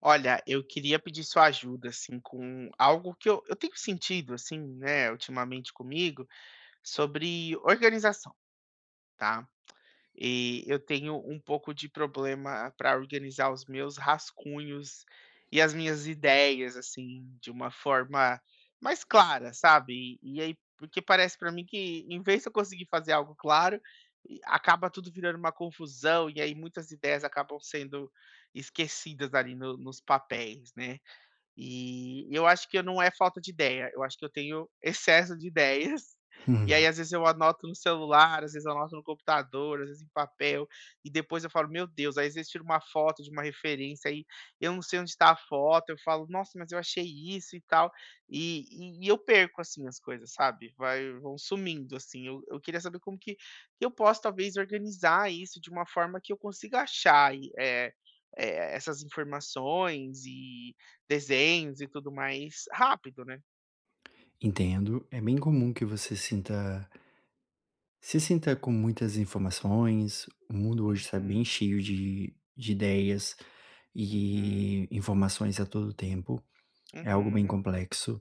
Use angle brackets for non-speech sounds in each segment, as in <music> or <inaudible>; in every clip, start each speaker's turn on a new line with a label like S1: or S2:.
S1: Olha, eu queria pedir sua ajuda, assim, com algo que eu eu tenho sentido, assim, né, ultimamente comigo, sobre organização, tá. E eu tenho um pouco de problema para organizar os meus rascunhos e as minhas ideias, assim, de uma forma mais clara, sabe, e e aí, porque parece para mim que, em vez de eu conseguir fazer algo claro, e acaba tudo virando uma confusão, e aí muitas ideias acabam sendo esquecidas, ali, no nos papéis, né. E eu acho que eu não é falta de ideia, eu acho que eu tenho excesso de ideias, e aí
S2: <chuckles>
S1: às vezes eu anoto no celular, às vezes eu anoto no computador, às vezes em papel, e depois eu falo: "Meu Deus", aí às vezes tiro uma foto de uma referência, aí eu não sei onde está a foto, eu falo: "Nossa, mas eu achei isso e tal", e e e eu perco, assim, as coisas, sabe. Vai vão sumindo, assim, eu eu queria saber como que que eu posso, talvez, organizar isso de uma forma que eu consiga achar e, eh eh, essas informações e desenhos, e tudo mais rápido, né.
S2: Entendo, é bem comum que você sinta se sinta com muitas informações, o mundo hoje está bem
S1: Uhum.
S2: cheio de de ideias
S1: Uhum.
S2: e informações a todo o tempo, é algo bem
S1: Uhum.
S2: complexo.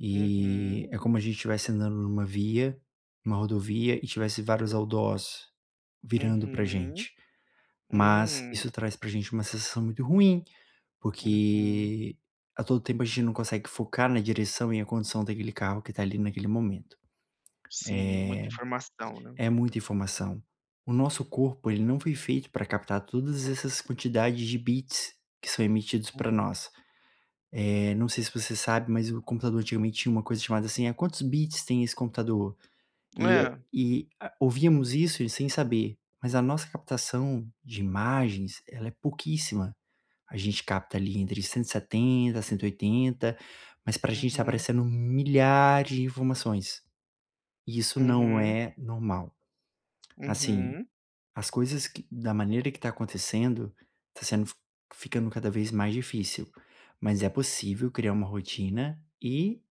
S2: E
S1: Uhum.
S2: é como a gente estivesse andando em uma via, uma rodovia e tivesse vários outdoors virando para
S1: Uhum.
S2: gente. Mas
S1: Hum.
S2: isso traz para gente uma sensação muito ruim,
S1: Uhum
S2: porque a todo tempo a gente não consegue focar na direção e a condição daquele carro que está ali, naquele momento.
S1: Sim, muita informação, né.
S2: Eh, é muita informação. O nosso corpo, ele não foi feito para captar todas essas quantidades de bits que são emitidos para
S1: Uhum.
S2: nós. Eh, não sei se você sabe, mas o computador antigamente tinha uma coisa chamada assim: "Eh, quantos bits tem esse computador?", e é
S1: É.
S2: e, ah, ouvíamos isso e sem saber, mas a nossa captação de imagens, ela é pouquíssima. A gente capta, ali, entre 170, 180, mas para gente está
S1: Uhum.
S2: aparecendo milhares de informações. E isso não
S1: Uhum.
S2: é normal. Assim,
S1: Uhum.
S2: as coisas que da maneira que tá acontecendo, tá sendo f ficando cada vez mais difícil, mas é possível criar uma rotina e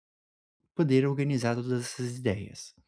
S2: poder organizar todas essas ideias.